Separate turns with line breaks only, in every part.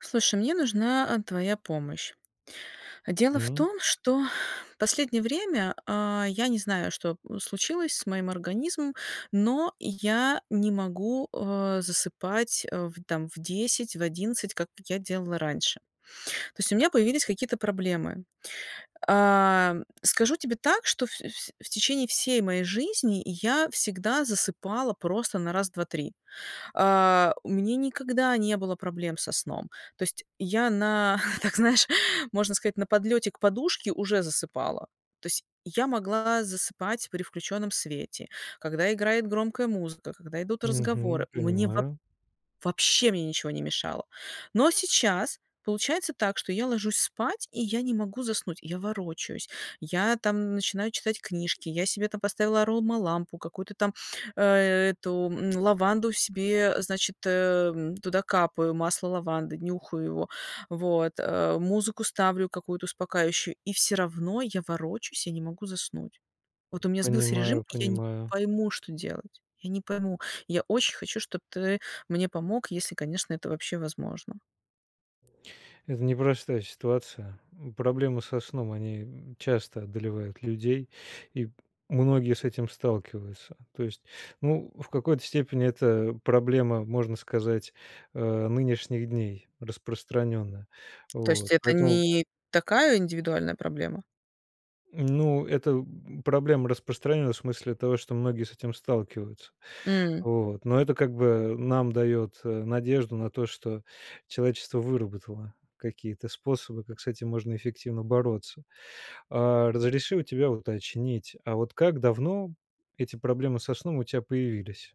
Слушай, мне нужна, а, твоя помощь. Дело в
М.
том, что последнее время, а, я не знаю, что случилось с моим организмом, но я не могу, а, засыпать, а, в там в 10, в 11, как я делала раньше. То есть, у меня появились какие-то проблемы. Ам, скажу тебе так, что всё вс в течение всей моей жизни я всегда засыпала просто на раз-два-три. А, у мне никогда не было проблем со сном. То есть, я на, так, знаешь, можно сказать, на подлёте к подушке уже засыпала. То есть, я могла засыпать при включенном свете, когда играет громкая музыка, когда идут
Мгм.
разговоры. Мне воб
Понимаю.
вообще мне ничего не мешало. Но сейчас получается так, что я ложусь спать, и я не могу заснуть. Я ворочаюсь, я, там, начинаю читать книжки, я себе там поставила аромалампу, какую-то там, а, э эту, лаванду себе, а, значит, эм, туда капаю, масло лаванды, нюхаю его, вот, а, музыку ставлю какую-то успокаивающую, и всё равно я ворочусь, я не могу заснуть. Вот у меня сбился режим,
Понимаю,
и я не
понимаю.
пойму, что делать. Я не пойму, я очень хочу, чтоб ты мне помог, если, конечно, это вообще возможно.
Это непростая ситуация. М, проблемы со сном- они, м, часто одолевают людей и многие с этим сталкиваются, то есть, ну, в какой-то степени, это проблема, можно сказать, э, нынешних дней, распространенная.
То есть
Вот.
это
Поэтому
не такая индивидуальная проблема?
М, ну, это проблема распространенная в смысле того, что многие с этим сталкиваются.
М.
Вот. Но это как бы нам дает, э, надежду на то, что человечество выработало какие-то способы, как с этим можно эффективно бороться. А, разреши у тебя уточнить, а вот как давно эти проблемы со сном у тя появились?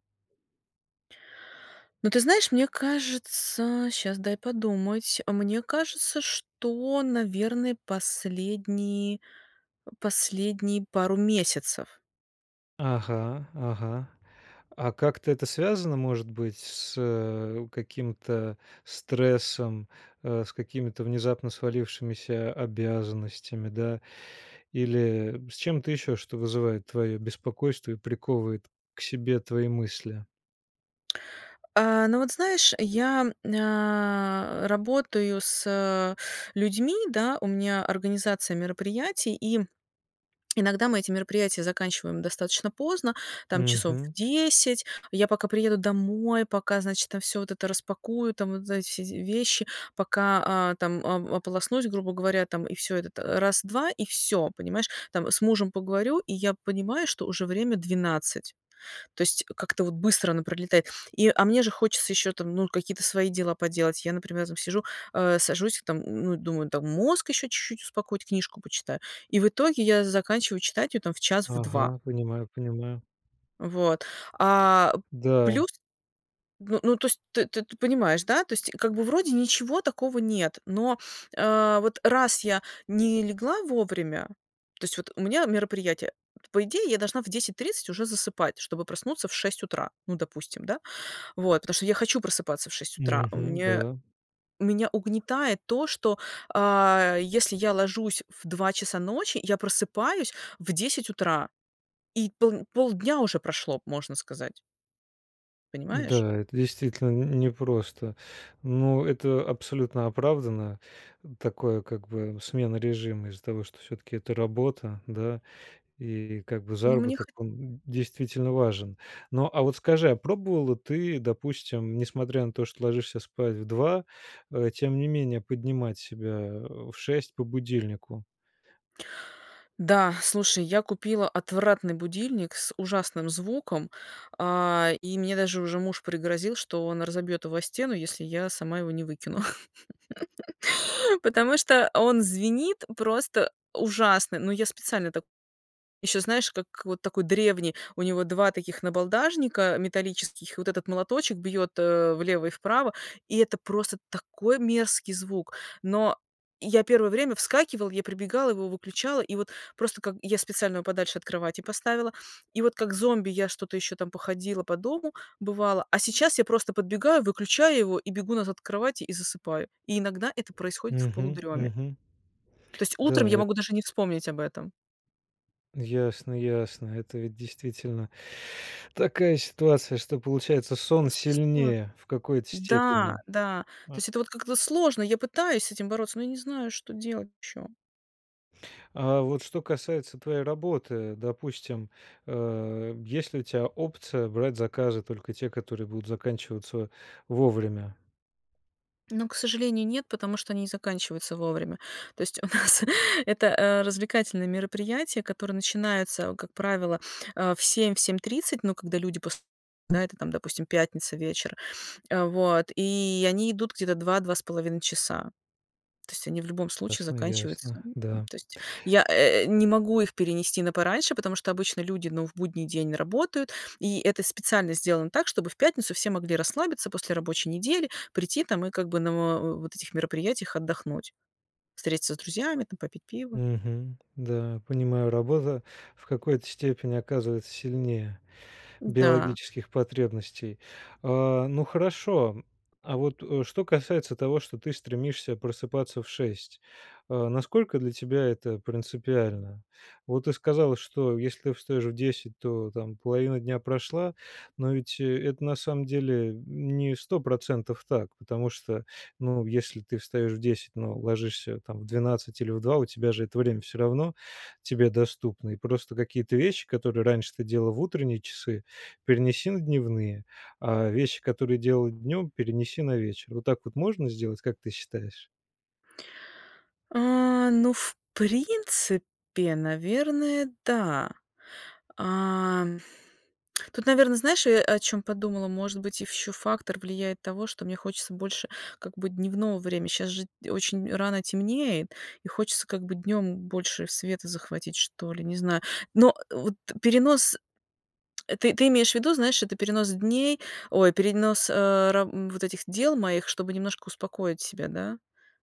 Ну, ты знаешь, мне кажется, щас дай подумать, мне кажется, что, наверно, последние последние пару месяцев.
Ага, ага. А как-то это связано, может быть, с каким-то стрессом, э, с какими-то внезапно свалившимися обязанностями, да, или с чем-то еще, что вызывает твое беспокойство и приковывает к себе твои мысли?
А, ну вот знаешь, я, а, работаю с людьми, да, у меня организация мероприятий, и иногда мы эти мероприятия заканчиваем достаточно поздно, там, часов
Мгм.
в 10. Я пока приеду домой, пока, значит, там всё вот это распакую, там вот за эти все вещи, пока, а, там о ополоснусь, грубо говоря, там, и всё, это т раз-два, и всё, понимаешь. Там с мужем поговорю, и я понимаю, что уже время 12. То есть как-то вот быстро оно пролетает. И, а мне же хочется еще там, ну, какие-то свои дела поделать. Я, например, там сижу, э, сажусь, там, ну, думаю, там мозг еще чуть-чуть успокоить, книжку почитаю. И в итоге я заканчиваю читать ее там в час, в 2.
Ага, понимаю, понимаю.
Вот. А
Да.
плюс, ну, ну то есть ты ты понимаешь, да? Tо есть, как бы, вроде ничего такого нет, но, а, вот раз я не легла вовремя То есть вот у меня мероприятие. Вот, по идее, я должна в 10:30 уже засыпать, чтобы проснуться в 6 утра. Ну, допустим, да. Вот. Потому что я хочу просыпаться в 6 утра. У
Мгм,
меня
да.
меня угнетает то, что, а, если я ложусь в 2 часа ночи, я просыпаюсь в 10 утра. И пол полдня уже прошло, можно сказать. Понимаешь?
Да, это действительно н не просто, но это абсолютно оправдано, такое, как бы, смена режима, из-за того, что всё-таки это работа, да, и как бы
Ну мне
заработок-
хо
он д действительно важен. Но а вот скажи, а пробовала ты, допустим, несмотря на то, что ложишься спать в 2, э, тем не менее, поднимать себя в 6 по будильнику?
Да, слушай, я купила отвратный будильник с ужасным звуком, а, и мне даже уже муж пригрозил, что он разобьет его о стену, если я сама его не выкину. Потому что он звенит просто ужасно, но я специально так Еще, знаешь, как вот такой древний, у него 2 таких набалдашника металлических, и вот этот молоточек бьет, э, влево и вправо. И это просто такой мерзкий звук. Но я первое время вскакивала, я прибегала, его выключала, и вот просто как Я специально его подальше от кровати поставила, и вот, как зомби, я что-то еще там походила по дому, бывало, а сейчас я просто подбегаю, выключаю его и бегу назад к кровати и засыпаю, и иногда это происходит в
Мгм,
полудреме.
мгм.
То есть утром
Да,
я
эт
могу даже не вспомнить об этом.
Ясно, ясно. Это ведь действительно такая ситуация, что, получается,
Ну
сон
с сложно.
сильнее в какой-то
Да,
степени.
да. То
М.
есть это вот как-то сложно. Я пытаюсь с этим бороться, но я не знаю, что делать еще.
А вот что касается твоей работы, допустим, э, есть ли у тебя опция брать заказы только те, которые будут заканчиваться вовремя?
Ну, к сожалению, нет, потому что они не заканчиваются вовремя. То есть у нас это, э, развлекательное мероприятие, которое начинается, как правило, э, в 7, в 7:30, но когда люди пос да, это там, допустим, пятница, вечер. А, вот, и они идут где-то 2, 2,5 часа. То есть они в любом случае
Ясно,
заканчиваются
ясно, да.
То есть я, э, не могу их перенести на пораньше, потому что обычно люди, ну, в будний день работают, и это специально сделано так, чтобы в пятницу все могли расслабиться после рабочей недели, прийти там, и как бы на во вот этих мероприятиях отдохнуть, встретиться с друзьями там, попить пива.
Мгм, да, понимаю. Работа в какой-то степени оказывается сильнее
Да.
биологических потребностей. А, ну хорошо, а вот что касается того, что ты стремишься просыпаться в 6- а, насколько для тебя это принципиально? Вот ты сказала, что если ты встаёшь в 10, то, там, половина дня прошла, но ведь это на самом деле не 100 % так, потому что, ну, если ты встаёшь в 10, но ложишься, там, в 12 или в 2, у тебя же это время всё равно тебе доступно. И просто какие-то вещи, которые раньше ты делала в утренние часы, перенеси на дневные. А вещи, которые делала днем, перенеси на вечер. Вот так вот можно сделать, как ты считаешь?
А, ну, в принципе, наверное, да. А, тут, наверно, знаешь, э, о чем подумала, может быть, ш ещё фактор влияет того, что мне хочется больше, как бы, дневного время. Щас же, т очень рано темнеет, и хочется, как бы, днём больше света захватить, что ли, не знаю. Но вот перенос, э, ты ты имеешь в виду, знаешь, это перенос дней, ой, перенос, э, ра вот этих дел моих, чтобы немножко успокоить себя, да?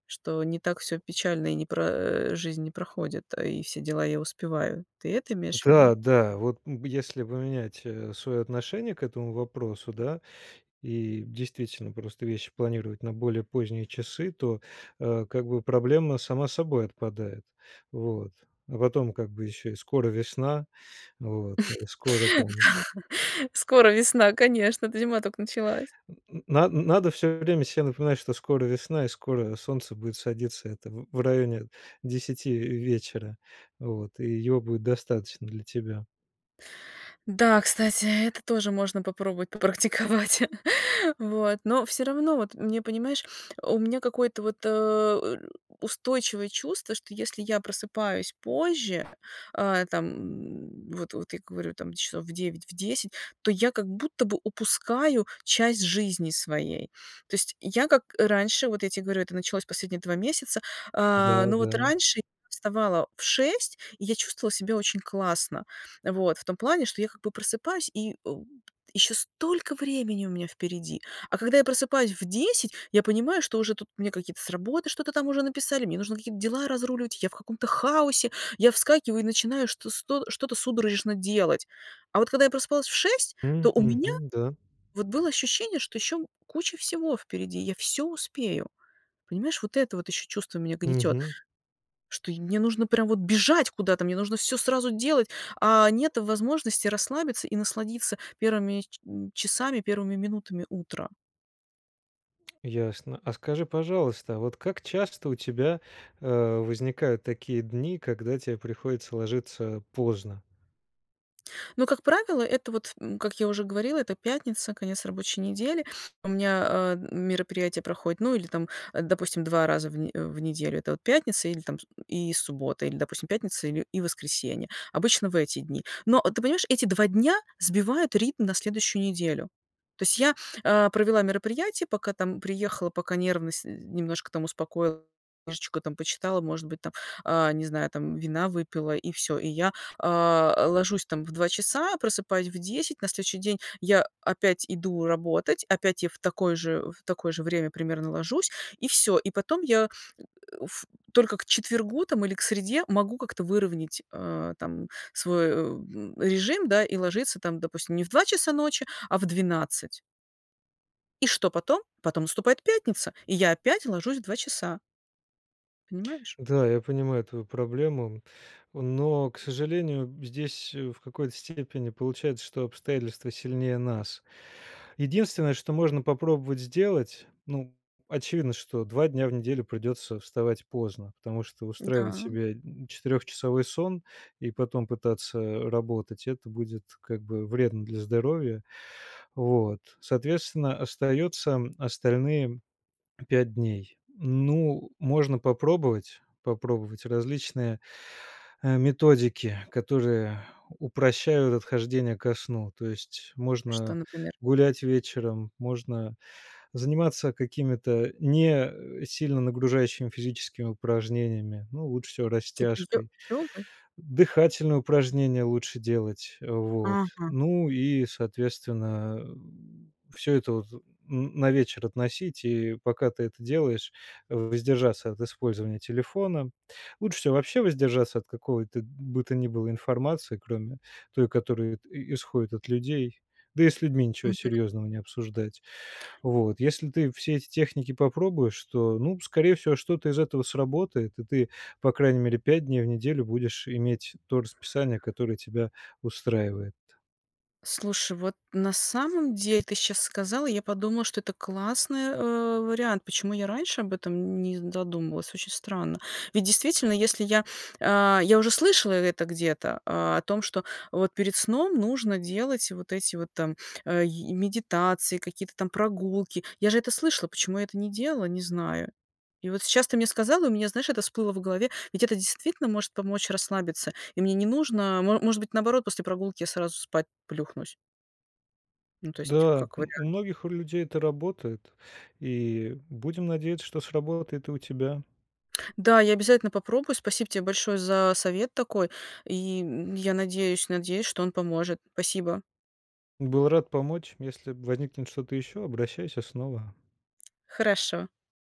Что не так всё печально, и не пра э, и жизнь не проходит, и все дела я успеваю. Ты это имеешь в виду?
Да, да, вот, м, если поменять, э, свое отношение к этому вопросу, да, и действительно просто вещи планировать на более поздние часы, то, э, как бы проблема сама собой отпадает, вот. А потом, как бы, ещё и скоро весна, вот, и скоро
Да.
там
Скоро весна, конечно, зима только началась.
Н н на надо все время се напоминать, что скоро весна и скоро солнце будет садиться. Это в в районе 10 в вечера. Вот, и его будет достаточно для тебя.
Да, кстати, это тоже можно попробовать попрактиковать. Вот. Но всё равно вот мне, понимаешь, у меня какое-то вот, э, устойчивое чувство, что если я просыпаюсь позже, э, там, м, вот вот я говорю, там, часов в 9, в 10, то я как будто бы упускаю часть жизни своей. То есть я как раньше, вот я те говорю, это началось последние 2 месяца, э,
Да,
но вот
да.
раньше я вставала в 6, и я чувствовала себя очень классно. Вот в том плане, что я как бы просыпаюсь и, м, ещё столько времени у меня впереди. А когда я просыпаюсь в 10, я понимаю, что уже тут мне какие-то с работы что-то там уже написали, мне нужно какие-то дела разруливать, я в каком-то хаосе, я вскакиваю и начинаю что с то что-то судорожно делать. А вот когда я просыпалась в 6, то
М,
у меня
мгм, да.
вот было ощущение, что ещё куча всего впереди, я всё успею. Понимаешь, вот это вот ещё чувство меня гнетет,
Мгм.
что и мне нужно прям вот бежать куда-то, мне нужно всё сразу делать, а нет возможности расслабиться и насладиться первыми ч м, часами, первыми минутами утра.
Ясно. А скажи, пожалуйста, а вот как часто у тебя, а, возникают такие дни, когда те приходится ложиться поздно?
Ну, как правило, это вот ф м, как я уже говорила, это пятница, конец рабочей недели. У меня, а, мероприятие проходит, ну или там, а, допустим, 2 раза в не в неделю. Это вот пятница или там с и с субботы, или, допустим, пятница или и воскресенье. Обычно в эти дни, но, а, ты понимаешь, эти 2 дня сбивают ритм на следующую неделю. То есть я, а, провела мероприятие, пока там приехала, пока нервность немножко там успокоил, книжечку там почитала, может быть, там, а, не знаю, там вина выпила и всё. И я, а, ложусь там в 2 часа, просыпаюсь в 10, на следующий день я опять иду работать, опять я в такое же э, в такое же время примерно ложусь и всё. И потом я ф только к четвергу там или к среде могу как-то выровнять, а, там свой, эм, режим, да, и ложиться там, допустим, не в 2 часа ночи, а в 12. И что потом? Потом наступает пятница, и я опять ложусь в 2 часа. Понимаешь?
Да, я понимаю твою проблему, но, к сожалению, здесь, э, в какой-то степени получается, что обстоятельства сильнее нас. Единственное, что можно попробовать сделать, ну, очевидно, что 2 дня в неделю придется вставать поздно, потому что устраивать
Да.
себе четырёхчасовой сон и потом пытаться работать- это будет, как бы, вредно для здоровья. Вот. Соответственно, остается остальные 5 дней. Ну, можно попробовать попробовать различные, э, методики, которые упрощают отхождение ко сну. То есть,
Что,
можно
например?
гулять вечером, можно заниматься какими-то не сильно нагружающими физическими упражнениями, ну, лучше всего
Типа, её
растяжкой,
трогай?
дыхательные упражнения лучше делать, э, вот.
Ага.
Ну и, соответственно, м, всё это вот н на вечер относить, и пока ты это делаешь, в воздержаться от использования телефона. Лучше всего вообще воздержаться от какого-то бы то ни было информации, кроме той, которая т исходит от людей, да и с людьми ничего
Мгм.
серьезного не обсуждать. Вот. Если ты все эти техники попробуешь, то, ну, скорее всего, что-то из этого сработает, и ты, по крайней мере, 5 дней в неделю будешь иметь то расписание, которое тебя устраивает.
Слушай, вот на самом деле ты щас сказал, и я подумала, что это классный, э, вариант. Почему я раньше об этом н не задумывалась, очень странно. Ведь действительно, если я, а, я уже слышала это где-то, а, о том, что вот перед сном нужно делать вот эти вот там, а, и медитации, какие-то там прогулки. Я же это слышала, почему я это не делала, не знаю. И вот сейчас ты мне сказал, и у меня, знаешь, это всплыло в голове, ведь это действительно может помочь расслабиться, и мне не нужно, мо может быть, наоборот, после прогулки я сразу спать плюхнусь. Ну, то есть,
Да,
как
м, у
вариант.
многих у людей это работает, и будем надеяться, что сработает и у тебя.
Да, я обязательно попробую. Спасибо те большое за совет такой и, м, я надеюсь надеюсь, что он поможет. Спасибо.
Был рад помочь, если возникнет что-то ещё, обращайся снова.
Хорошо.